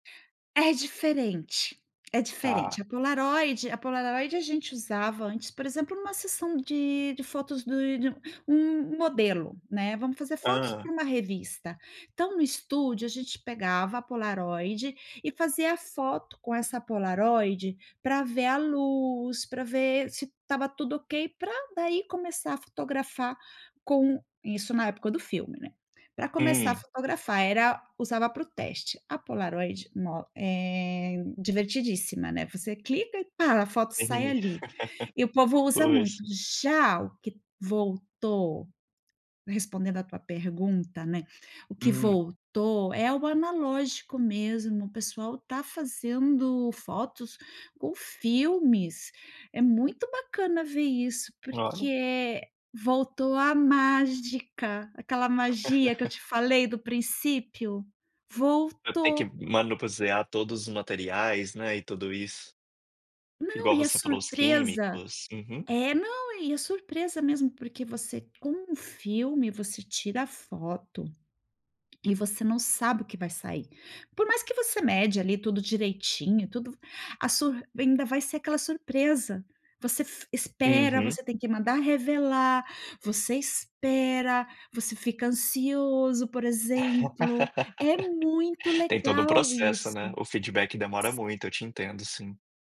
É diferente, é diferente. Tá. A Polaroid a Polaroid a gente usava antes, por exemplo, numa sessão de de fotos de de um um um modelo, né. Vamos fazer fotos Aham. pra uma revista. Então, no estúdio, a gente pegava a Polaroid e fazia a foto com essa Polaroid pra ver a luz, pra ver se estava tudo ok, pra daí começar a fotografar com isso na época do filme, né. Pra começar, a Hum. fotografar era usava pro teste. A Polaroid no é divertidíssima, né. Você clica e pá, a foto [unintelligible] sai ali. E o povo usa Pois. muito. Já o que t voltou respondendo a tua pergunta, né. O que Hum. voltou é o analógico mesmo. O pessoal está fazendo fotos com filmes. É muito bacana ver isso, porque, Claro. eh, voltou a mágica. Aquela magia que eu te falei do princípio. Pra ter que Voltou. manusear todos os materiais, né, e tudo isso. Não. Igual E a você falou os surpresa químicos. Uhum. é não, e a surpresa mesmo porque você, com um filme, você tira a foto. E você não sabe o que vai sair. Por mais que você mede ali tudo direitinho, tudo v a sur ainda vai ser aquela surpresa. Você f espera. Uhum. Você tem que mandar revelar. Você espera. Você fica ansioso, por exemplo. É muito Tem todo um legal processo, isso. né. O feedback demora S muito. Eu te entendo sim.